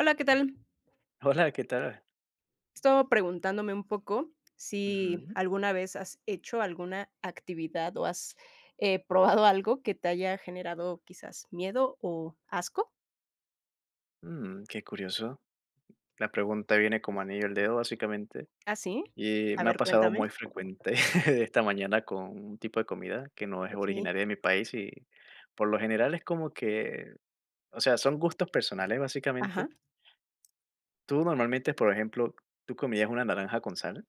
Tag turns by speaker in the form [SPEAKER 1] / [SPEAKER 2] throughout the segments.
[SPEAKER 1] Hola, ¿qué tal?
[SPEAKER 2] Hola, ¿qué tal?
[SPEAKER 1] Estaba preguntándome, un poco, si,
[SPEAKER 2] Ujú.
[SPEAKER 1] ¿alguna vez has hecho alguna actividad o has, eh, probado algo que te haya generado quizás miedo o asco?
[SPEAKER 2] Mm, qué curioso. La pregunta viene como anillo al dedo, básicamente,
[SPEAKER 1] ¿Ah, sí?
[SPEAKER 2] y
[SPEAKER 1] A
[SPEAKER 2] me ha
[SPEAKER 1] ver,
[SPEAKER 2] pasado
[SPEAKER 1] cuéntame.
[SPEAKER 2] muy frecuente. Esta mañana, con un tipo de comida, que no es
[SPEAKER 1] Okey.
[SPEAKER 2] originaria de mi país y, por lo general, es como que, o sea, son gustos personales, básicamente.
[SPEAKER 1] Ajá.
[SPEAKER 2] Tú, normalmente, por ejemplo, ¿tú comías una naranja con sal?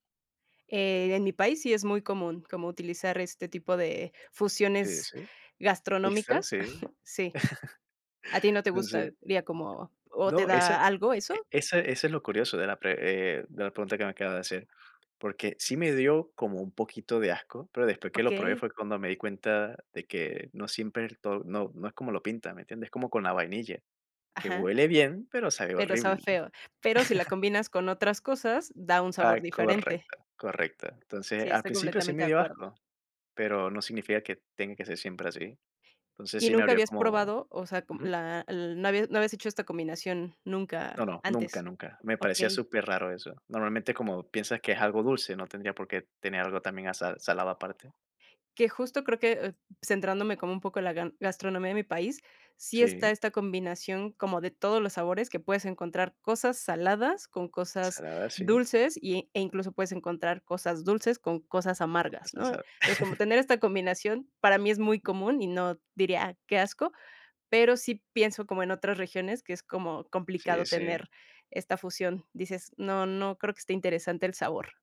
[SPEAKER 1] Eh, en mi país sí es muy común, como utilizar este tipo de
[SPEAKER 2] Sí,
[SPEAKER 1] fusiones
[SPEAKER 2] sí, mixta,
[SPEAKER 1] gastronómicas,
[SPEAKER 2] sí.
[SPEAKER 1] sí. ¿A ti no te gusta?
[SPEAKER 2] Entonces
[SPEAKER 1] ¿Vía como, o te
[SPEAKER 2] No, esa,
[SPEAKER 1] da algo
[SPEAKER 2] e
[SPEAKER 1] eso?
[SPEAKER 2] esa eso es lo curioso de la pre eh, de la pregunta que me acabas de hacer, porque sí me dio como un poquito de asco, pero después que lo probé
[SPEAKER 1] Okey.
[SPEAKER 2] fue cuando me di cuenta de que no siempre to no no es como lo pintan, ¿me entiendes? Es como con la vainilla, que
[SPEAKER 1] Ajá.
[SPEAKER 2] huele bien, pero sabe
[SPEAKER 1] Pero
[SPEAKER 2] horrible.
[SPEAKER 1] sabe feo, pero si la combinas con otras cosas, da un sabor
[SPEAKER 2] Ah,
[SPEAKER 1] diferente.
[SPEAKER 2] correcto, correcto.
[SPEAKER 1] Sí,
[SPEAKER 2] Entonces, al
[SPEAKER 1] estoy
[SPEAKER 2] principio sí
[SPEAKER 1] completamente
[SPEAKER 2] me
[SPEAKER 1] de
[SPEAKER 2] dio
[SPEAKER 1] acuerdo.
[SPEAKER 2] asco, pero no significa que tenga que ser siempre así. Entonces,
[SPEAKER 1] ¿Y
[SPEAKER 2] sí me
[SPEAKER 1] nunca
[SPEAKER 2] abrió
[SPEAKER 1] habías
[SPEAKER 2] como
[SPEAKER 1] probado, o sea, co
[SPEAKER 2] Ujú.
[SPEAKER 1] la l no habías no habías hecho esta combinación
[SPEAKER 2] No,
[SPEAKER 1] nunca
[SPEAKER 2] no, nunca,
[SPEAKER 1] antes?
[SPEAKER 2] nunca, me parecía
[SPEAKER 1] Okey.
[SPEAKER 2] superraro eso. Normalmente, como piensas que es algo dulce, no tendría por qué tener algo también a sa salado aparte.
[SPEAKER 1] Que, justo, creo que, eh, centrándome como un poco en la gan gastronomía de mi país, sí está
[SPEAKER 2] Sí.
[SPEAKER 1] esta combinación como de todos los sabores que puedes encontrar, cosas saladas con cosas
[SPEAKER 2] Salada, sí.
[SPEAKER 1] dulces y e incluso puedes encontrar cosas dulces con cosas
[SPEAKER 2] Con
[SPEAKER 1] amargas,
[SPEAKER 2] esta
[SPEAKER 1] ¿no?
[SPEAKER 2] sal.
[SPEAKER 1] Entonces, como tener esta combinación, para mí, es muy común y no diría: "Qué asco". Pero sí pienso como en otras regiones que es como
[SPEAKER 2] Sí,
[SPEAKER 1] complicado
[SPEAKER 2] sí.
[SPEAKER 1] tener esta fusión. Dices: "No, no creo que esté interesante el sabor".